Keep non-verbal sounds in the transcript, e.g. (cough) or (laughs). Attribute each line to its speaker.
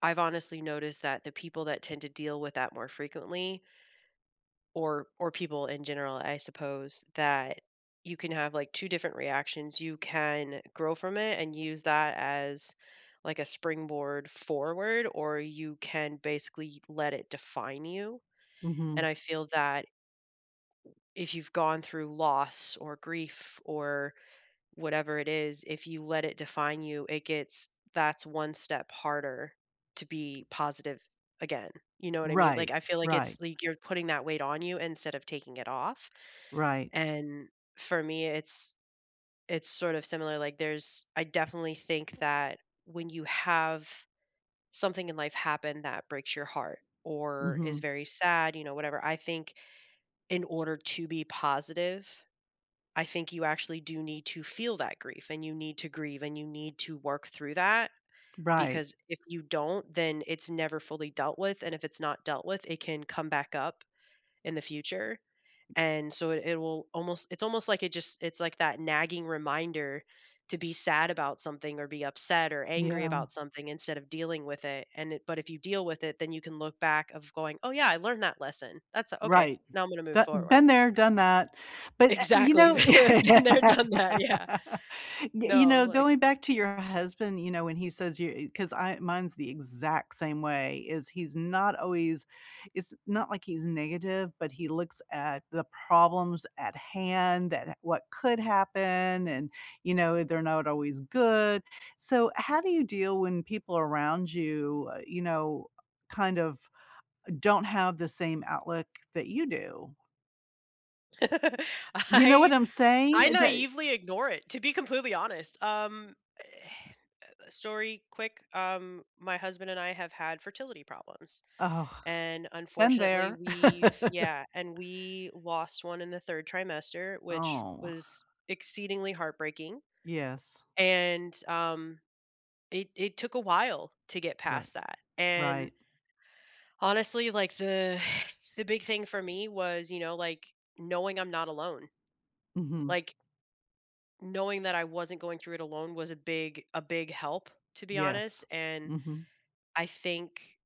Speaker 1: I've honestly noticed that the people that tend to deal with that more frequently or or people in general, I suppose, that you can have, like, 2 different reactions, you can grow from it and use that as, like, a springboard forward, or you can basically let it define you. And
Speaker 2: Mhm.
Speaker 1: I feel that if you've gone through loss or grief or whatever it is, if you let it define you, it gets that's one step harder to be positive again; you know what I mean?
Speaker 2: Right.
Speaker 1: Like, I feel like
Speaker 2: Right.
Speaker 1: it's like, you're putting that weight on you instead of taking it off,
Speaker 2: Right.
Speaker 1: and for me, it's it's sort of similar. Like, there's I definitely think that when you have, something in life happen that breaks your heart or is
Speaker 2: Mhm.
Speaker 1: very sad, you know, whatever, I think in order to be positive, I think you actually do need to feel that grief, and you need to grieve, and you need to work through that.
Speaker 2: Right.
Speaker 1: Because if you don't, then it's never fully dealt with, and if it's not dealt with, it can come back up in the future, and so it it will almost it's almost like it just it's like that nagging reminder to be sad about something or be upset or angry
Speaker 2: Yeah.
Speaker 1: about something instead of dealing with it, and it but if you deal with it, then you can look back of going, "Oh, yeah. I learned that lesson, that's okay;
Speaker 2: Right.
Speaker 1: now I'm gonna move
Speaker 2: Do
Speaker 1: forward."
Speaker 2: been there, done that, but a you
Speaker 1: Exactly.
Speaker 2: know,
Speaker 1: Been been there, done that. Yeah.
Speaker 2: (laughs) you
Speaker 1: No,
Speaker 2: know,
Speaker 1: like
Speaker 2: going back to your husband, you know, when he says you 'cause I mine's the exact same way, is he's not always it's not like he's negative, but he looks at the problems at hand, that what could happen, and, you know, they're not always good. So how do you deal when people around you, you know, kind of don't have the same outlook that you do?
Speaker 1: (laughs)
Speaker 2: You know what
Speaker 1: I
Speaker 2: I'm saying?
Speaker 1: I
Speaker 2: That
Speaker 1: naively ignore it, to be completely honest, um, eh, eh, the story, quick. Um, my husband and I have had fertility problems.
Speaker 2: Oh.
Speaker 1: And
Speaker 2: Been
Speaker 1: unfortunately,
Speaker 2: there.
Speaker 1: we've
Speaker 2: (laughs)
Speaker 1: Yeah, and we lost 1 in the 3rd trimester, which
Speaker 2: Oh.
Speaker 1: was exceedingly heartbreaking.
Speaker 2: Yes.
Speaker 1: And, um, it it took a while to get
Speaker 2: Right.
Speaker 1: past that. And
Speaker 2: Right.
Speaker 1: honestly, like, the (sighs) the big thing for me was, you know, like, knowing I'm not alone.
Speaker 2: Mhm.
Speaker 1: Like knowing that I wasn't going through it alone was a big a big help, to be honest,
Speaker 2: Yes.
Speaker 1: and
Speaker 2: Mhm.
Speaker 1: I think